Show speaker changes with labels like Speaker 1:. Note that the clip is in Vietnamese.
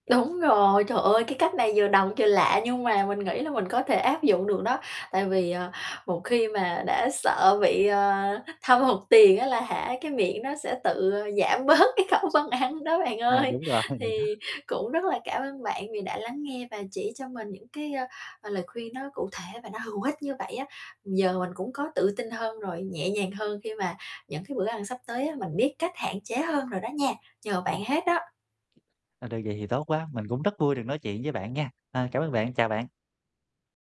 Speaker 1: Đúng rồi, trời ơi, cái cách này vừa độc vừa lạ nhưng mà mình nghĩ là mình có thể áp dụng được đó, tại vì, ờ, một khi mà đã sợ bị, ờ, thâm hụt tiền á là hả, cái miệng nó sẽ tự giảm bớt cái khẩu phân đó bạn
Speaker 2: À,
Speaker 1: ơi.
Speaker 2: đúng rồi.
Speaker 1: Thì cũng rất là cảm ơn bạn vì đã lắng nghe và chỉ cho mình những cái, ơ, ờ, lời khuyên nó cụ thể và nó hữu ích như vậy á. Giờ mình cũng có tự tin hơn rồi, nhẹ nhàng hơn khi mà những cái bữa ăn sắp tới á, mình biết cách hạn chế hơn rồi đó nha, nhờ
Speaker 2: Ừm.
Speaker 1: bạn
Speaker 2: [unintelligible]
Speaker 1: hết đó.
Speaker 2: Ờ, được vậy thì tốt quá, mình cũng rất vui được nói chuyện với bạn nha. Ờ, cảm ơn bạn, chào bạn.